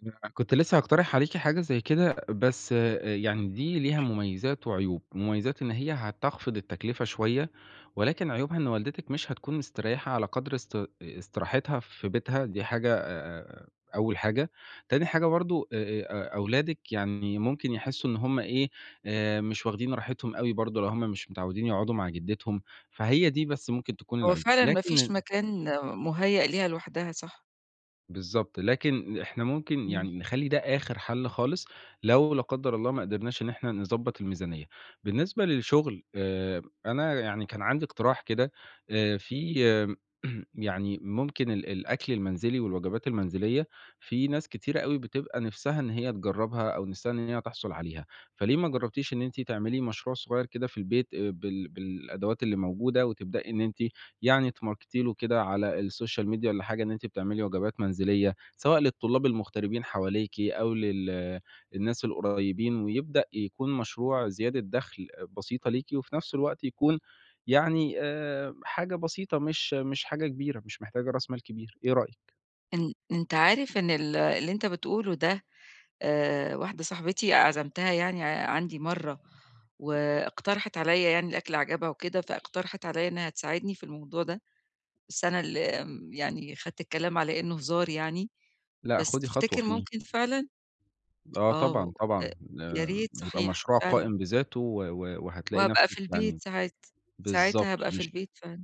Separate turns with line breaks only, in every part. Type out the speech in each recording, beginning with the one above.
أنا كنت لسه هاقترح عليكِ حاجة زي كده بس آآ يعني دي ليها مُميزات وعيوب، مُميزات إن هي هتخفض التكلفة شوية، ولكن عيوبها إن والدتِك مش هتكون مسترَيحة على قدر است استراحتها في بيتها دي حاجة آآ أول حاجة، تاني حاجة برضه أ أ أ أولادِك يعني ممكن يحسّوا إن هُم إيه آآ مش واخدين راحتهم أوي برضه لو هُم مش متعودين يقعدوا مع جدّتهم، فهي دي بس ممكن تكون
هو
العيوب
فعلًا ما
لكن
فيش
ال
مكان مُهيأ ليها لوحدها صح.
بالضبط، لكن إحنا ممكن
امم.
يعني نخَلّي ده آخر حل خالص، لو لا قدّر الله ما قدرناش إن إحنا نضَبط الميزانية. بالنسبة للشغل آآ أنا يعني كان عندي اقتراح كده آآ في يعني ممكن ال الأكل المنزلي، والوجبات المنزلية في ناس كتيرة أوي بتبقى نفسها إن هي تجرّبها أو نفسها إن هي تحصل عليها، فَليه ما جربتيش إن أنتِ تعملي مشروع صغير كده في البيت آآ بال بالأدوات اللي موجودة وتبدئي إن أنتِ يعني تماركتي له كده على الSocial media والّا حاجة إن أنتِ بتعملي وجبات منزلية، سواء للطلاب المغتربين حواليكِ أو لل الناس القُريبين ويبدأ يكون مشروع زيادة دخل أ بسيطة ليكِ، وفي نفس الوقت يكون يعني آآ حاجة بسيطة مش مش حاجة كبيرة، مش محتاجة راس مال كبير، إيه رأيِك؟
أن أنت عارف إن ال اللي أنت بتقوله ده آآ واحدة صاحبتي عزَمتها يعني عندي مرّة، واقترحت عليَّ يعني الأكل عجبها وكده فاقترحت عليَّ إنها تساعدني في الموضوع ده، بس أنا اللي آمم يعني خدت الكلام على إنه هزار يعني،
لأ،
بس
خُدي خطوة
تفتكر
فيه.
ممكن فعلًا؟
آه
آه و
طبعًا
أ
طبعًا
يا
آآ
ريت
يبقى
صحيح
مشروع
فعلًا.
قائم بذاته و و وهتلاقي
وهابقى في
نفسِك
البيت
يعني
ساعات
بالضبط
ساعتها هابقى في
مش
البيت فعلًا.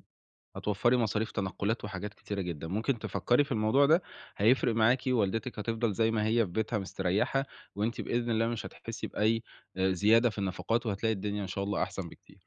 هتوَفّري مصاريف تنقلات وحاجات كتيرة جدًا، ممكن تفَكّري في الموضوع ده هيفرق معاكِ ووالدتِك هتفضل زي ما هي في بيتها مسترَيّحة، وأنتِ بإذن الله مش هتحِسّي بأي أ زيادة في النفقات وهتلاقي الدنيا إن شاء الله أحسن بكتير.